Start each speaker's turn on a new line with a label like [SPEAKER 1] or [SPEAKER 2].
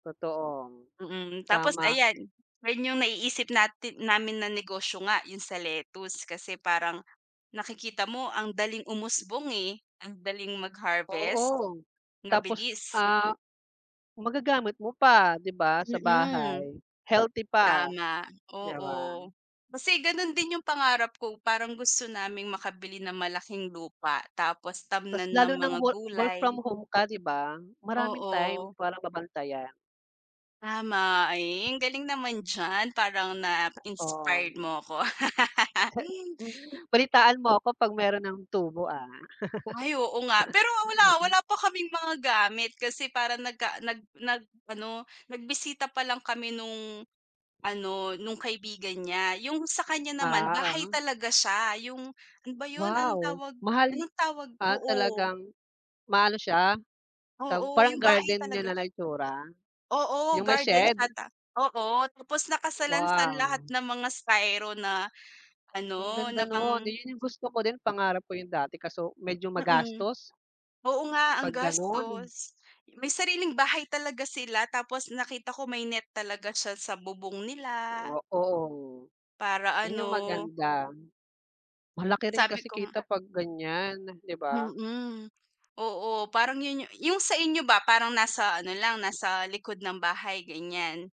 [SPEAKER 1] Totoo.
[SPEAKER 2] Mm, tapos
[SPEAKER 1] Tama.
[SPEAKER 2] ayan, ayun yung naiisip nati namin na negosyo nga yung sa lettuce kasi parang nakikita mo ang daling umusbong eh, ang daling mag-harvest.
[SPEAKER 1] Oo. Tapos
[SPEAKER 2] Mabilis.
[SPEAKER 1] ah, magagamit mo pa, di ba? Sa
[SPEAKER 2] Mm.
[SPEAKER 1] bahay, healthy pa,
[SPEAKER 2] Tama,
[SPEAKER 1] di ba?
[SPEAKER 2] oo. Kasi ganon din yung pangarap ko, parang gusto naming makabili ng malaking lupa tapos
[SPEAKER 1] Tas
[SPEAKER 2] tamnan ng
[SPEAKER 1] lalo ng
[SPEAKER 2] mga
[SPEAKER 1] wo work from
[SPEAKER 2] gulay.
[SPEAKER 1] home ka, di ba? Maraming time
[SPEAKER 2] Oo.
[SPEAKER 1] para mabantayan.
[SPEAKER 2] Tama, ay ang galing naman diyan parang na
[SPEAKER 1] Ha
[SPEAKER 2] inspired
[SPEAKER 1] Oo.
[SPEAKER 2] mo ako.
[SPEAKER 1] Balitaan mo ako pag meron ng tubo ah?
[SPEAKER 2] Ay oo nga. Pero wala, wala pa kaming mga gamit, kasi para na ka nag nag ano, nagbisita palang kami nung ano, nung kaibigan niya, yung sa kanya naman
[SPEAKER 1] Ah,
[SPEAKER 2] bahay
[SPEAKER 1] ah.
[SPEAKER 2] talaga siya yung ano ba yun? Anong
[SPEAKER 1] Wow,
[SPEAKER 2] tawag
[SPEAKER 1] mahal
[SPEAKER 2] anong tawag
[SPEAKER 1] ah,
[SPEAKER 2] oo.
[SPEAKER 1] talagang, mahal siya? Tawag
[SPEAKER 2] Oo,
[SPEAKER 1] parang
[SPEAKER 2] yung bahay
[SPEAKER 1] garden niya
[SPEAKER 2] talaga
[SPEAKER 1] na itsura?
[SPEAKER 2] Oo,
[SPEAKER 1] Yung may
[SPEAKER 2] gardens
[SPEAKER 1] shed?
[SPEAKER 2] ata oo, tapos nakasalansan lahat
[SPEAKER 1] Wow.
[SPEAKER 2] ng mga styro na,
[SPEAKER 1] Ang
[SPEAKER 2] ano na
[SPEAKER 1] ganda noon, eh
[SPEAKER 2] pang
[SPEAKER 1] yun yung gusto ko din pangarap ko yung dati kaso medyo
[SPEAKER 2] Mm.
[SPEAKER 1] magastos.
[SPEAKER 2] Oo nga ang
[SPEAKER 1] Pag ganun.
[SPEAKER 2] gastos, may sariling bahay talaga sila tapos nakita ko may net talaga siya sa bubong nila.
[SPEAKER 1] O oo.
[SPEAKER 2] Para
[SPEAKER 1] Yun yung
[SPEAKER 2] ano
[SPEAKER 1] maganda. Malaki rin
[SPEAKER 2] Sabi
[SPEAKER 1] kasi
[SPEAKER 2] kong
[SPEAKER 1] kita pag ganyan, di ba?
[SPEAKER 2] Mm, oo, parang yun yu yung sa inyo ba, parang nasa ano lang nasa likod ng bahay, ganyan?